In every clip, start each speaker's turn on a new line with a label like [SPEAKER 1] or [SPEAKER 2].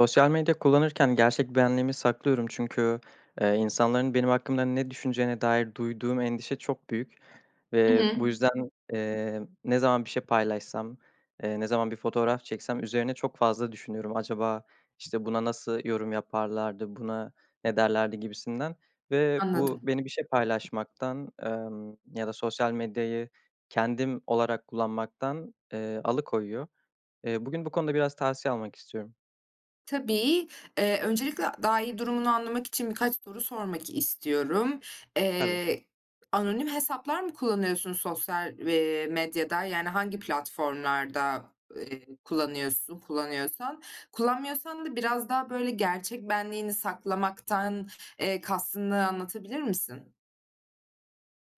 [SPEAKER 1] Sosyal medya kullanırken gerçek benliğimi saklıyorum. Çünkü, ııı, insanların benim hakkımda ne düşüneceğine dair duyduğum endişe çok büyük
[SPEAKER 2] Hı
[SPEAKER 1] ve
[SPEAKER 2] hı.
[SPEAKER 1] bu yüzden, ımm, ne zaman bir şey paylaşsam, eee, ne zaman bir fotoğraf çeksem üzerine çok fazla düşünüyorum. "Acaba, işte, buna nasıl yorum yaparlardı, buna ne derlerdi?" gibisinden ve bu
[SPEAKER 2] Anladım.
[SPEAKER 1] beni bir şey paylaşmaktan, ımm, ya da sosyal medyayı kendim olarak kullanmaktan, ııı, alıkoyuyor. Iıı, bugün bu konuda biraz tavsiye almak istiyorum.
[SPEAKER 2] Tabii. Iıı, öncelikle daha iyi durumunu anlamak için birkaç soru sormak istiyorum.
[SPEAKER 1] Tabii.
[SPEAKER 2] Eee, anonim hesaplar mı kullanıyorsun sosyal, eee, medyada, yani hangi platformlarda, ııı, kullanıyorsun, kullanıyorsan? Kullanmıyorsan da biraz daha böyle gerçek benliğini saklamaktan, eee, kastını anlatabilir misin?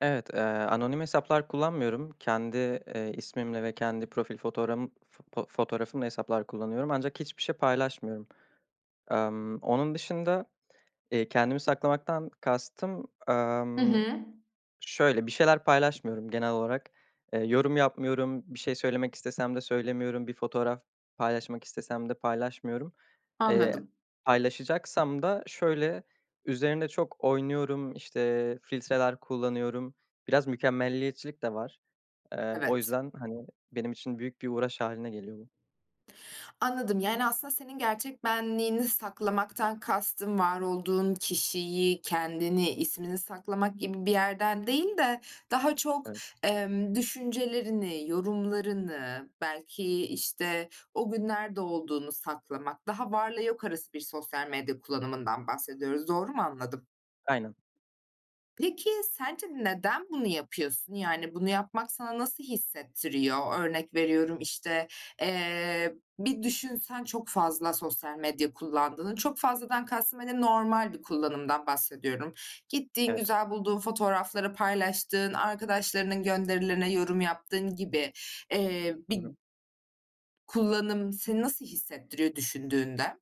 [SPEAKER 1] Evet, ııı, anonim hesaplar kullanmıyorum. Kendi, eee, ismimle ve kendi profil fotoğrağım fo fotoğrafımla hesaplar kullanıyorum ancak hiçbir şey paylaşmıyorum. Emm, onun dışında, eee, kendimi saklamaktan kastım,
[SPEAKER 2] Hı
[SPEAKER 1] ımm,
[SPEAKER 2] hı.
[SPEAKER 1] şöyle: Bir şeyler paylaşmıyorum genel olarak. Iıı, yorum yapmıyorum, bir şey söylemek istesem de söylemiyorum, bir fotoğraf paylaşmak istesem de paylaşmıyorum. Eee,
[SPEAKER 2] Anladım.
[SPEAKER 1] paylaşacaksam da şöyle: Üzerinde çok oynuyorum, işte, filtreler kullanıyorum. Biraz mükemmeliyetçilik de var. Eee, o
[SPEAKER 2] Evet.
[SPEAKER 1] yüzden, hani, benim için büyük bir uğraş hâline geliyor bu.
[SPEAKER 2] Anladım. Yani, aslında senin gerçek benliğini saklamaktan kastın, var olduğun kişiyi, kendini, ismini saklamak gibi bir yerden değil de daha çok,
[SPEAKER 1] Evet.
[SPEAKER 2] ımm, düşüncelerini, yorumlarını, belki, işte, o gün nerede olduğunu saklamak, daha varla yok arası sosyal medya kullanımından bahsediyoruz. Doğru mu anladım?
[SPEAKER 1] Aynen.
[SPEAKER 2] Peki sence neden bunu yapıyorsun? Yani bunu yapmak sana nasıl hissettiriyor? Örnek veriyorum, işte, eee, bir düşünsen çok fazla sosyal medya kullandığını, çok fazladan kastım hani normal bir kullanımdan bahsediyorum. Gittiğin,
[SPEAKER 1] Evet.
[SPEAKER 2] güzel bulduğun fotoğrafları paylaştığın, arkadaşlarının gönderilerine yorum yaptığın gibi, eee,
[SPEAKER 1] Hı
[SPEAKER 2] bir
[SPEAKER 1] hı.
[SPEAKER 2] kullanım seni nasıl hissettiriyor düşündüğünde?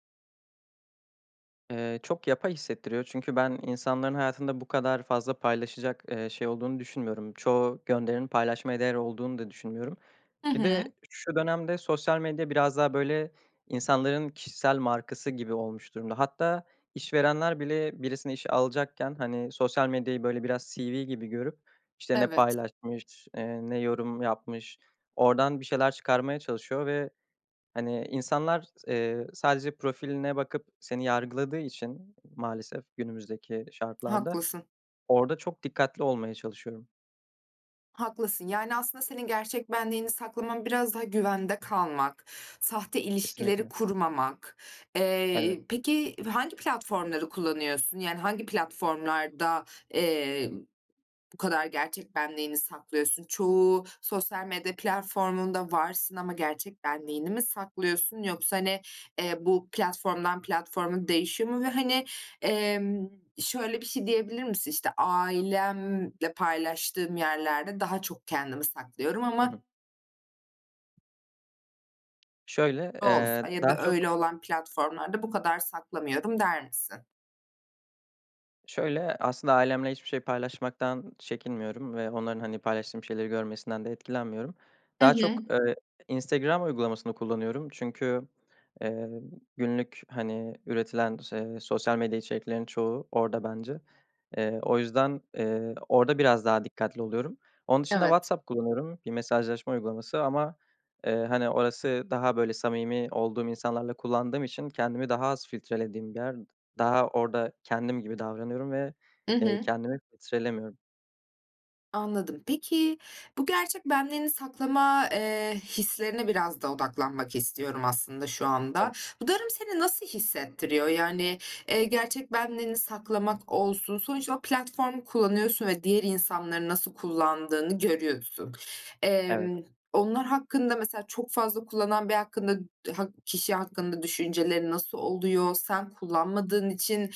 [SPEAKER 1] Eee, çok yapay hissettiriyor çünkü ben insanların hayatında bu kadar fazla paylaşacak, eee, şey olduğunu düşünmüyorum. Çoğu gönderinin paylaşmaya değer olduğunu da düşünmüyorum.
[SPEAKER 2] Hı
[SPEAKER 1] Bir de
[SPEAKER 2] hı.
[SPEAKER 1] şu dönemde sosyal medya biraz daha böyle insanların kişisel markası gibi olmuş durumda. Hatta işverenler bile birisini işe alacakken, hani, sosyal medyayı böyle biraz CV gibi görüp, işte, ne
[SPEAKER 2] Evet.
[SPEAKER 1] paylaşmış, eee, ne yorum yapmış, oradan bir şeyler çıkarmaya çalışıyor ve, hani, insanlar s eee, sadece profiline bakıp seni yargıladığı için maalesef günümüzdeki şartlarda,
[SPEAKER 2] Haklısın.
[SPEAKER 1] orada çok dikkatli olmaya çalışıyorum.
[SPEAKER 2] Haklısın. Yani, aslında senin gerçek benliğini saklaman biraz daha güvende kalmak, sahte ilişkileri
[SPEAKER 1] Kesinlikle.
[SPEAKER 2] kurmamak.
[SPEAKER 1] Evet.
[SPEAKER 2] Eee, peki, hangi platformları kullanıyorsun? Yani, hangi platformlarda, eee, bu kadar gerçek benliğini saklıyorsun? Çoğu sosyal medya platformunda varsın ama gerçek benliğini mi saklıyorsun yoksa, hani, eee, bu platformdan platforma değişiyor mu? Ve, hani, emm, şöyle bir şey diyebilir misin, işte, "Ailemle paylaştığım yerlerde daha çok kendimi saklıyorum
[SPEAKER 1] Hı hı.
[SPEAKER 2] ama"
[SPEAKER 1] Şöyle,
[SPEAKER 2] [unintelligible]
[SPEAKER 1] eee,
[SPEAKER 2] "Ya
[SPEAKER 1] daha
[SPEAKER 2] da
[SPEAKER 1] çok
[SPEAKER 2] öyle olan platformlarda bu kadar saklamıyorum." der misin?
[SPEAKER 1] Şöyle, aslında ailemle hiçbir şey paylaşmaktan çekinmiyorum ve onların, hani, paylaştığım şeyleri görmesinden de etkilenmiyorum.
[SPEAKER 2] Hı
[SPEAKER 1] Daha çok,
[SPEAKER 2] hı.
[SPEAKER 1] eee, Instagram uygulamasını kullanıyorum çünkü, eee, günlük, hani, üretilen ş eee, sosyal medya içeriklerinin çoğu orada bence. Eee, o yüzden, eee, orada biraz daha dikkatli oluyorum. Onun dışında
[SPEAKER 2] Evet.
[SPEAKER 1] WhatsApp kullanıyorum, bir mesajlaşma uygulaması ama, eee, hani, orası daha böyle samimi olduğum insanlarla kullandığım için kendimi daha az filtrelediğim bir yer daha orada kendim gibi davranıyorum ve,
[SPEAKER 2] Hı
[SPEAKER 1] eee,
[SPEAKER 2] hı.
[SPEAKER 1] kendimi filtrelemiyorum.
[SPEAKER 2] Anladım. Peki, bu gerçek benliğini saklama, eee, hislerine biraz da odaklanmak istiyorum aslında şu anda.
[SPEAKER 1] [unintelligible]
[SPEAKER 2] Bu durum seni nasıl hissettiriyor? Yani, eee, gerçek benliğini saklamak olsun, sonuçta o platformu kullanıyorsun ve diğer insanların nasıl kullandığını görüyorsun.
[SPEAKER 1] Evet.
[SPEAKER 2] Emm, onlar hakkında mesela çok fazla kullanan biri hakkında, hak kişi hakkında düşüncelerin nasıl oluyor? Sen kullanmadığın için,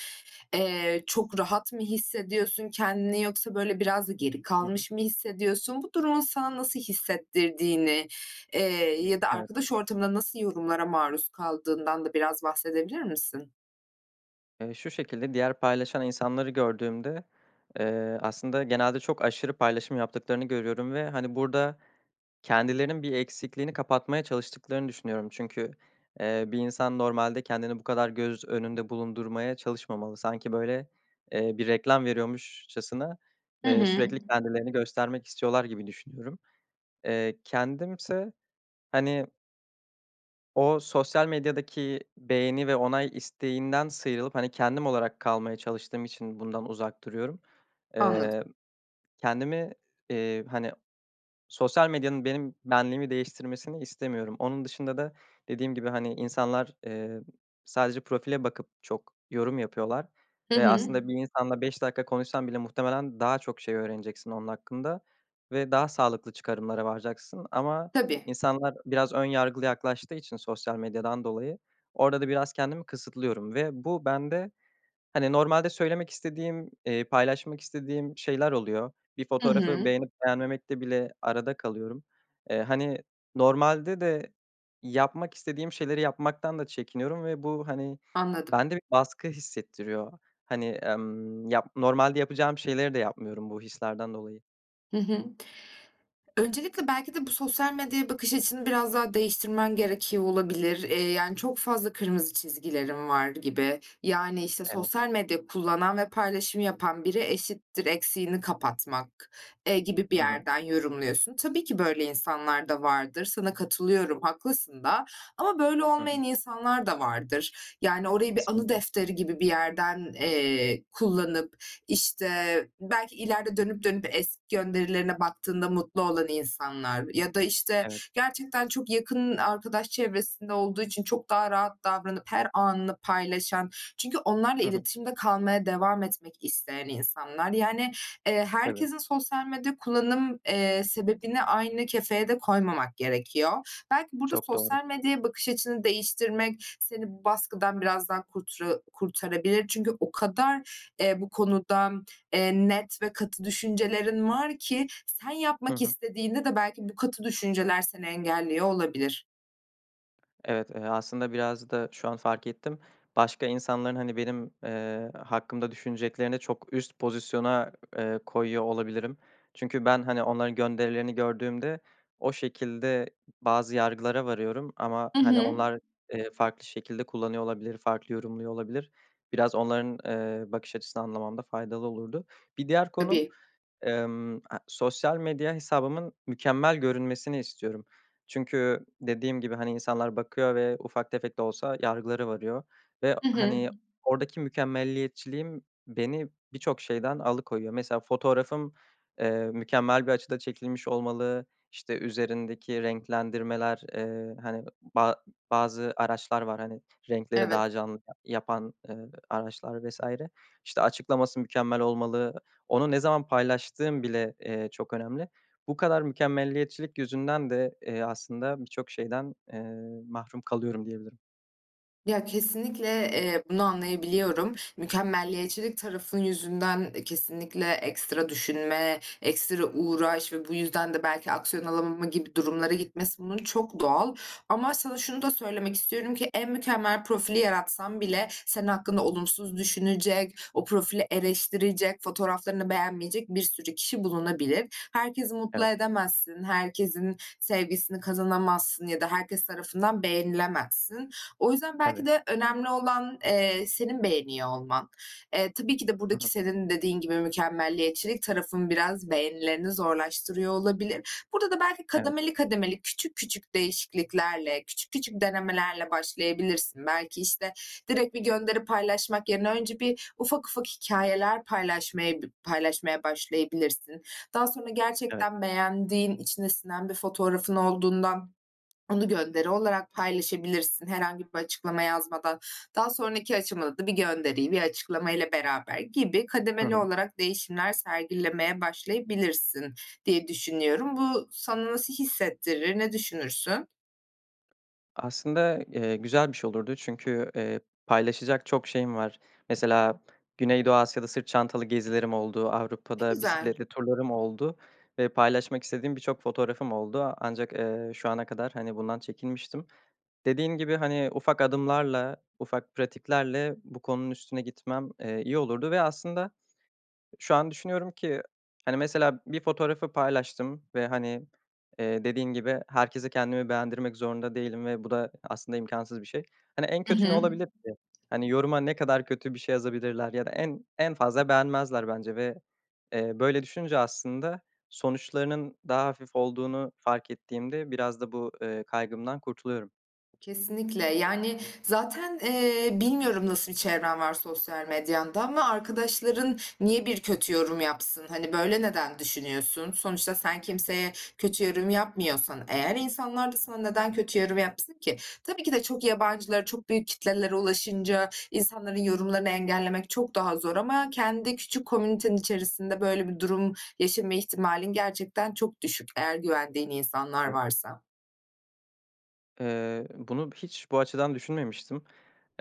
[SPEAKER 2] eee, çok rahat mı hissediyorsun kendini yoksa böyle biraz da geri
[SPEAKER 1] Hı hı.
[SPEAKER 2] kalmış mı hissediyorsun? Bu durumun sana nasıl hissettirdiğini, eee, ya da
[SPEAKER 1] Evet.
[SPEAKER 2] arkadaş ortamında nasıl yorumlara maruz kaldığından da biraz bahsedebilir misin?
[SPEAKER 1] Eee, şu şekilde; diğer paylaşan insanları gördüğümde, eee, aslında genelde çok aşırı paylaşım yaptıklarını görüyorum ve, hani, burada kendilerinin bir eksikliğini kapatmaya çalıştıklarını düşünüyorum çünkü, eee, bir insan normalde kendini bu kadar göz önünde bulundurmaya çalışmamalı. Sanki böyle, eee, bir reklam veriyormuşçasına,
[SPEAKER 2] Hı
[SPEAKER 1] eee,
[SPEAKER 2] hı.
[SPEAKER 1] sürekli kendilerini göstermek istiyorlar gibi düşünüyorum. Eee, kendim ise hani o sosyal medyadaki beğeni ve onay isteğinden sıyrılıp, hani, kendim olarak kalmaya çalıştığım için bundan uzak duruyorum. Eee,
[SPEAKER 2] Anladım.
[SPEAKER 1] kendimi, eee, hani, sosyal medyanın benim benliğimi değiştirmesini istemiyorum. Onun dışında da dediğim gibi hani insanlar, emm, sadece profile bakıp çok yorum yapıyorlar
[SPEAKER 2] Hı
[SPEAKER 1] ve
[SPEAKER 2] hı.
[SPEAKER 1] aslında bir insanla 5 dakika konuşsan bile muhtemelen daha çok şey öğreneceksin onun hakkında ve daha sağlıklı çıkarımlara varacaksın ama
[SPEAKER 2] Tabii.
[SPEAKER 1] insanlar biraz ön yargılı yaklaştığı için sosyal medyadan dolayı orada da biraz kendimi kısıtlıyorum ve bu bende hani normalde söylemek istediğim, eee, paylaşmak istediğim şeyler oluyor. Bir
[SPEAKER 2] Hı
[SPEAKER 1] fotoğrafı
[SPEAKER 2] hı.
[SPEAKER 1] beğenip beğenmemekte bile arada kalıyorum. Eee, hani normalde de yapmak istediğim şeyleri yapmaktan da çekiniyorum ve bu, hani,
[SPEAKER 2] Anladım.
[SPEAKER 1] bende bir baskı hissettiriyor. Hani, emm, yap normalde yapacağım şeyleri de yapmıyorum bu hislerden dolayı.
[SPEAKER 2] Hı hı. Öncelikle, belki de bu sosyal medyaya bakış açını biraz daha değiştirmen gerekiyor olabilir. Eee, yani çok fazla kırmızı çizgilerin var gibi. Yani, işte,
[SPEAKER 1] Evet.
[SPEAKER 2] sosyal medya kullanan ve paylaşım yapan biri eşittir eksiğini kapatmak, eee, gibi bir
[SPEAKER 1] Hı hı.
[SPEAKER 2] yerden yorumluyorsun. Tabii ki böyle insanlar da vardır, sana katılıyorum haklısın da. Ama böyle
[SPEAKER 1] Hı hı.
[SPEAKER 2] olmayan insanlar da vardır. Yani orayı bir anı
[SPEAKER 1] Kesinlikle.
[SPEAKER 2] defteri gibi bir yerden, eee, kullanıp, işte, belki ileride dönüp dönüp eski gönderilerine baktığında mutlu olan insanlar ya da, işte,
[SPEAKER 1] Evet.
[SPEAKER 2] gerçekten çok yakın arkadaş çevresinde olduğu için çok daha rahat davranıp her anını paylaşan çünkü onlarla
[SPEAKER 1] Hı hı.
[SPEAKER 2] iletişimde kalmaya devam etmek isteyen insanlar. Yani, eee,
[SPEAKER 1] Tabii.
[SPEAKER 2] herkesin sosyal medya kullanım, eee, sebebini aynı kefeye de koymamak gerekiyor. Belki burada
[SPEAKER 1] Çok doğru.
[SPEAKER 2] sosyal medyaya bakış açını değiştirmek seni baskıdan biraz daha kurtura kurtarabilir. Çünkü o kadar, eee, bu konuda, eee, net ve katı düşüncelerin var ki sen
[SPEAKER 1] Hı
[SPEAKER 2] yapmak
[SPEAKER 1] hı.
[SPEAKER 2] istediğinde de belki bu katı düşünceler seni engelliyor olabilir.
[SPEAKER 1] Evet, eee, aslında biraz da şu an fark ettim başka insanların hani benim, eee, hakkımda düşüneceklerini çok üst pozisyona, eee, koyuyor olabilirim. Çünkü ben, hani, onların gönderilerini gördüğümde o şekilde bazı yargılara varıyorum ama,
[SPEAKER 2] Hı
[SPEAKER 1] hani,
[SPEAKER 2] hı.
[SPEAKER 1] onlar, eee, farklı şekilde kullanıyor olabilir, farklı yorumluyor olabilir. Biraz onların, eee, bakış açısını anlamamda faydalı olurdu. Bir diğer konu,
[SPEAKER 2] Tabii.
[SPEAKER 1] emm, aaa, sosyal medya hesabımın mükemmel görünmesini istiyorum. Çünkü dediğim gibi, hani, insanlar bakıyor ve ufak tefek de olsa yargılara varıyor ve
[SPEAKER 2] Hı hı.
[SPEAKER 1] hani oradaki mükemmeliyetçiliğim beni birçok şeyden alıkoyuyor. Mesela fotoğrafım, eee, mükemmel bir açıda çekilmiş olmalı, işte, üzerindeki renklendirmeler, eee, hani, ba bazı araçlar var, hani, renkleri
[SPEAKER 2] Evet.
[SPEAKER 1] daha canlı ya yapan, eee, araçlar vs. işte, açıklaması mükemmel olmalı. Onu ne zaman paylaştığım bile, eee, çok önemli. Bu kadar mükemmeliyetçilik yüzünden de, eee, aslında birçok şeyden, eee, mahrum kalıyorum diyebilirim.
[SPEAKER 2] Ya, kesinlikle, eee, bunu anlayabiliyorum. Mükemmeliyetçilik tarafın yüzünden, eee, kesinlikle ekstra düşünme, ekstra uğraş ve bu yüzden de belki aksiyon alamama gibi durumlara gitmesi, bunun çok doğal. Ama sana şunu da söylemek istiyorum ki, en mükemmel profili yaratsan bile senin hakkında olumsuz düşünecek, o profili eleştirecek, fotoğraflarını beğenmeyecek bir sürü kişi bulunabilir. Herkesi mutlu
[SPEAKER 1] Evet.
[SPEAKER 2] edemezsin, herkesin sevgisini kazanamazsın ya da herkes tarafından beğenilemezsin. O yüzden belki
[SPEAKER 1] Tabii.
[SPEAKER 2] de önemli olan, eee, senin beğeniyor olman. Eee, tabii ki de
[SPEAKER 1] Hı
[SPEAKER 2] buradaki
[SPEAKER 1] hı.
[SPEAKER 2] senin dediğin gibi mükemmeliyetçilik tarafın biraz beğenilerini zorlaştırıyor olabilir. Burada da belki
[SPEAKER 1] Evet.
[SPEAKER 2] kademeli kademeli, küçük küçük değişikliklerle, küçük küçük denemelerle başlayabilirsin. Belki işte direkt bir gönderi paylaşmak yerine önce bir ufak ufak hikayeler paylaşmaya bı paylaşmaya başlayabilirsin. Daha sonra
[SPEAKER 1] Evet.
[SPEAKER 2] gerçekten beğendiğin, içine sinen bir fotoğrafın olduğundan onu gönderi olarak paylaşabilirsin, herhangi bir açıklama yazmadan. Daha sonraki aşamada da bir gönderiyi, bir açıklamayla beraber gibi
[SPEAKER 1] Hı
[SPEAKER 2] kademeli
[SPEAKER 1] hı.
[SPEAKER 2] olarak değişimler sergilemeye başlayabilirsin diye düşünüyorum. Bu sana nasıl hissettirir, ne düşünürsün?
[SPEAKER 1] Aslında, eee ,güzel bir şey olurdu. Çünkü, eee, paylaşacak çok şeyim var. Mesela Güneydoğu Asya'da sırt çantalı gezilerim oldu,
[SPEAKER 2] Eee,
[SPEAKER 1] Avrupa'da
[SPEAKER 2] güzel.
[SPEAKER 1] bisikletli turlarım oldu ve paylaşmak istediğim birçok fotoğrafım oldu. Ancak, eee, şu ana kadar, hani, bundan çekinmiştim. Dediğim gibi, hani, ufak adımlarla, ufak pratiklerle bu konunun üstüne gitmem, eee, iyi olurdu ve aslında şu an düşünüyorum ki, hani, mesela bir fotoğrafı paylaştım ve, hani, eee, dediğin gibi herkese kendimi beğendirmek zorunda değilim ve bu da aslında imkânsız bir şey. Hani, en
[SPEAKER 2] Hı
[SPEAKER 1] kötü ne
[SPEAKER 2] hı.
[SPEAKER 1] olabilir ki? Hani, yoruma ne kadar kötü bir şey yazabilirler ya da en en fazla beğenmezler, bence ve, eee, böyle düşünce aslında sonuçlarının daha hafif olduğunu fark ettiğimde biraz da bu, eee, kaygımdan kurtuluyorum.
[SPEAKER 2] Kesinlikle, yani, zaten, eee, bilmiyorum nasıl bir çevren var sosyal medyanda ama arkadaşların niye bir kötü yorum yapsın? Hani, böyle neden düşünüyorsun? Sonuçta sen kimseye kötü yorum yapmıyorsan, eğer insanlar da sana neden kötü yorum yapsın ki? Tabii ki de çok yabancılara, çok büyük kitlelere ulaşınca insanların yorumlarını engellemek çok daha zor ama kendi küçük komünitenin içerisinde böyle bir durum yaşama ihtimalin gerçekten çok düşük, eğer güvendiğin insanlar
[SPEAKER 1] Evet.
[SPEAKER 2] varsa.
[SPEAKER 1] Eee, bunu bi hiç bu açıdan düşünmemişti.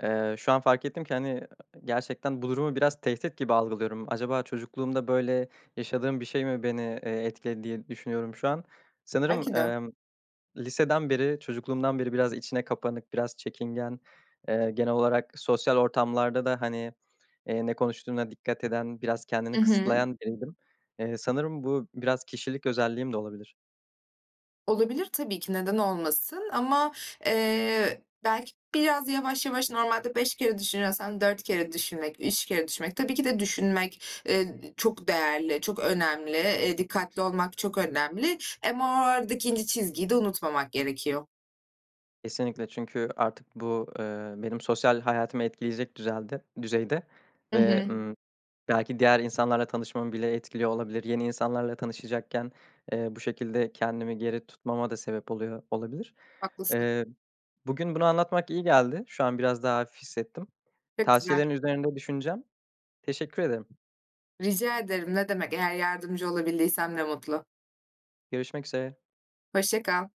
[SPEAKER 1] Eee, şu an fark ettim ki, hani, eee, gerçekten bu durumu biraz tehdit gibi algılıyorum. Acaba çocukluğumda böyle yaşadığım bir şey mi beni, eee, etkiledi diye düşünüyorum şu an.
[SPEAKER 2] Belki
[SPEAKER 1] Sanırım,
[SPEAKER 2] de.
[SPEAKER 1] emm, liseden beri, çocukluğumdan beri biraz içine kapanık, biraz çekingen, eee, genel olarak sosyal ortamlarda da, hani, eee, ne konuştuğuna dikkat eden, biraz
[SPEAKER 2] I
[SPEAKER 1] kendini
[SPEAKER 2] hı.
[SPEAKER 1] kısıtlayan biriydim. Eee, sanırım bu biraz kişilik özelliğim de olabilir.
[SPEAKER 2] Olabilir, tabii ki, neden olmasın; ama, eee, belki biraz yavaş yavaş, normalde 5 kere düşünüyorsan 4 kere düşünmek, 3 kere düşünmek. Tabii ki de düşünmek, eee, d çok değerli, çok önemli; eee, dikkatli olmak çok önemli. Hem, o, aradaki ince çizgiyi de unutmamak gerekiyor.
[SPEAKER 1] Kesinlikle, çünkü artık bu, eee, benim sosyal hayatımı etkileyecek düzelde düzeyde
[SPEAKER 2] I
[SPEAKER 1] ve,
[SPEAKER 2] hı.
[SPEAKER 1] ııı, belki diğer insanlarla tanışmamı bile etkiliyor olabilir. Yeni insanlarla tanışacakken, eee, bu şekilde kendimi geri tutmama da sebep oluyor olabilir.
[SPEAKER 2] Haklısın.
[SPEAKER 1] Eee, bugün bunu anlatmak iyi geldi. Şu an biraz daha hafif hissettim.
[SPEAKER 2] Pek güzel.
[SPEAKER 1] Tavsiyelerin üzerinde düşüneceğim. Teşekkür ederim.
[SPEAKER 2] Rica ederim, ne demek. Eğer yardımcı olabildiysem, ne mutlu.
[SPEAKER 1] Görüşmek üzere.
[SPEAKER 2] Hoşça kal.